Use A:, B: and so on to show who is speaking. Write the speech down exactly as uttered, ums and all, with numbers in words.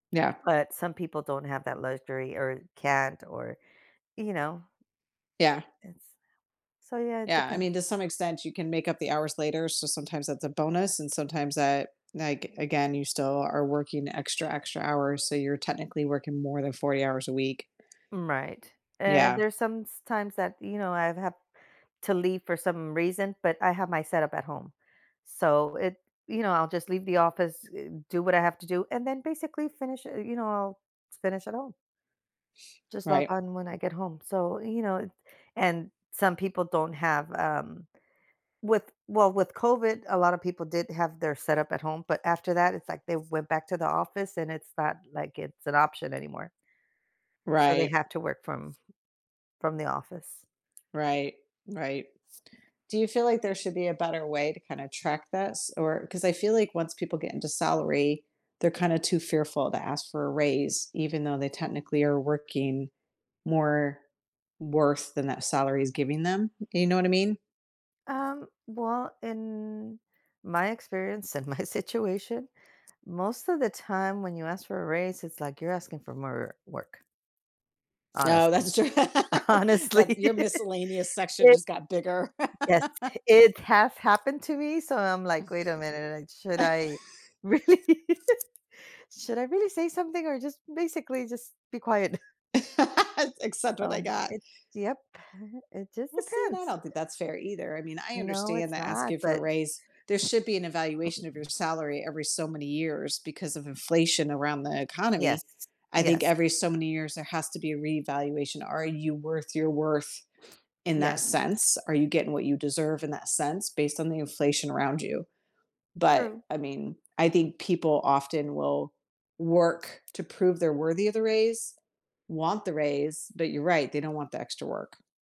A: Yeah.
B: But some people don't have that luxury, or can't, or, you know
A: Yeah.
B: It's So yeah, it
A: Yeah, I
B: depends.
A: mean, to some extent you can make up the hours later, so sometimes that's a bonus, and sometimes that like, again, you still are working extra, extra hours, so, you're technically working more than forty hours a week.
B: M right, and
A: Yeah.
B: there's somestimes that, you know, I've had to leave for some reason, but I have my setup at home, so, it you know, I'll just leave the office, eh, do what I have to do, and then basically finish eh, you know, I'll finish at home. Just log
A: Right.
B: on when I get home, so, you know and some people don't have, um with well, with COVID, a lot of people did have their setup at home, but after that, it's, like, they went back to the office and it's not, like, it's an option anymore. So, they
A: Right.
B: have to work from from the office.
A: Right, right. Do you feel like there should be a better way to kinda track this, or 'cause I feel like once people get into salary, they're kinda too fearful to ask for a raise even though they technically are working more worth than that salary is giving them, you know what I mean.
B: Um, well, in my experience and my situation, most of the time when you ask for a raise, it's like you're asking for more work.
A: No,
B: Honestly,
A: that's true That's
B: honestly,
A: your miscellaneous section
B: it
A: just got bigger.
B: Yes, it has happened to me, so I'm, like, "Wait a minute, uh, should I really should I really say something or just basically just be quiet?"
A: Ac accept what I
B: Um,
A: got.
B: it yep, it just
A: Well see, and I
B: depends.
A: don't think that's fair either, I mean, I
B: No,
A: understand
B: it's
A: that
B: not,
A: asking for a
B: but
A: raise there should be an evaluation of your salary every, so many years because of inflation around the
B: Yes,
A: economy. I think
B: yes.
A: every, so many years there has to be a reevaluation Are you worth your worth in that
B: Yes.
A: sense? Are you getting what you deserve in that sense based on the inflation around you? But,
B: True.
A: I mean, I think people often will work to prove they're worthy of the raise, want the raise, but you're right, they don't want the extra work.